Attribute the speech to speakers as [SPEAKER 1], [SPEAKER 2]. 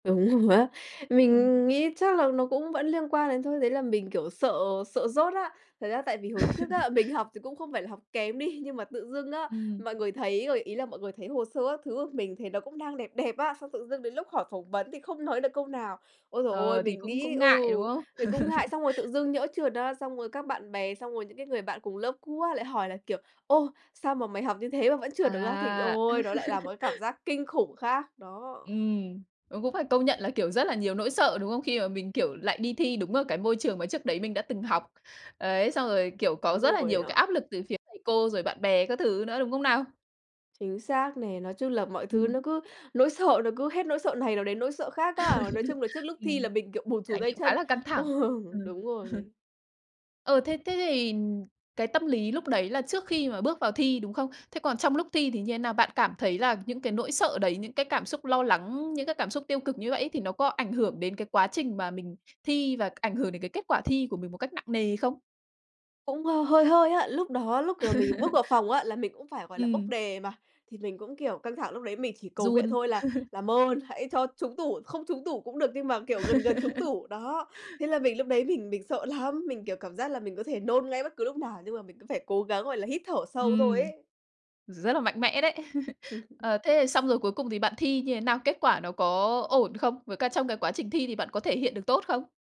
[SPEAKER 1] Đúng rồi á.
[SPEAKER 2] Ừm.
[SPEAKER 1] Mình nghĩ chắc là nó cũng vẫn liên quan đến thôi, đấy là mình, kiểu, sợ sợ dốt á! Thật ra tại vì hồi trước á, mình học thì cũng không phải là học kém đi, nhưng mà tự dưng á,
[SPEAKER 2] Ừm.
[SPEAKER 1] mọi người thấy rồi ý là mọi người thấy hồ sơ các thứ của mình thấy nó cũng đang đẹp đẹp á, xong tự dưng đến lúc hỏi phỏng vấn thì không nói được câu nào. Ối giời ôi,
[SPEAKER 2] Ờ, thì
[SPEAKER 1] mình
[SPEAKER 2] cũng
[SPEAKER 1] nghĩ
[SPEAKER 2] cũng
[SPEAKER 1] ừ,
[SPEAKER 2] ngại, đúng không?
[SPEAKER 1] mình cũng ngại! Xong rồi tự dưng nhỡ trượt á, xong rồi các bạn bè xong rồi những cái người bạn cùng lớp cũ á lại hỏi là, kiểu: "Ồ! Sao mà mày học như thế mà vẫn trượt được á?" Thì
[SPEAKER 2] À.
[SPEAKER 1] ôi, nó lại là một cái cảm giác kinh khủng khác! Đó.
[SPEAKER 2] Ừm, ờ, cũng phải công nhận là, kiểu, rất là nhiều nỗi sợ, đúng không? Khi mà mình, kiểu, lại đi thi đúng ở cái môi trường mà trước đấy mình đã từng học. Ấy, xong rồi, kiểu,
[SPEAKER 1] Đúng
[SPEAKER 2] có rất là
[SPEAKER 1] rồi
[SPEAKER 2] nhiều
[SPEAKER 1] á.
[SPEAKER 2] cái áp lực từ phía thầy cô, rồi bạn bè các thứ nữa, đúng không nào?
[SPEAKER 1] Chính xác nè, nói chung là mọi thứ
[SPEAKER 2] Ừm.
[SPEAKER 1] nó cứ nỗi sợ nó cứ hết nỗi sợ này nó đến nỗi sợ khác á. Nói chung là trước lúc thi
[SPEAKER 2] Ừm,
[SPEAKER 1] là mình, kiểu, bủn rủn
[SPEAKER 2] trải
[SPEAKER 1] tay
[SPEAKER 2] nghiệm khá
[SPEAKER 1] chân.
[SPEAKER 2] là căng
[SPEAKER 1] Ờ,
[SPEAKER 2] thẳng. Ừm.
[SPEAKER 1] đúng rồi mình
[SPEAKER 2] Ờ, thế thế thì cái tâm lý lúc đấy là trước khi mà bước vào thi, đúng không? Thế còn trong lúc thi thì như thế nào? Bạn cảm thấy là những cái nỗi sợ đấy, những cái cảm xúc lo lắng, những cái cảm xúc tiêu cực như vậy ấy thì nó có ảnh hưởng đến cái quá trình mà mình thi và ảnh hưởng đến cái kết quả thi của mình một cách nặng nề không?
[SPEAKER 1] Cũng h hơi hơi á. Lúc đó, lúc, kiểu, mình bước vào phòng á, là mình cũng phải, gọi là, bốc
[SPEAKER 2] Ừm.
[SPEAKER 1] đề mà. Thì mình cũng, kiểu, căng thẳng lúc đấy mình chỉ cầu nguyện
[SPEAKER 2] Run.
[SPEAKER 1] thôi là "Làm ơn hãy cho trúng tủ, không trúng tủ cũng được nhưng mà, kiểu, gần gần trúng tủ", đó. Thế là mình lúc đấy mình mình sợ lắm, mình, kiểu, cảm giác là mình có thể nôn ngay bất cứ lúc nào, nhưng mà mình cứ phải cố gắng, gọi là, hít thở sâu thôi
[SPEAKER 2] Ừm.
[SPEAKER 1] ấy!
[SPEAKER 2] Rất là mạnh mẽ đấy. Ờ, thế thì xong rồi cuối cùng thì bạn thi như thế nào? Kết quả nó có ổn không? Với cả trong cái quá trình thi thì bạn có thể hiện được tốt không?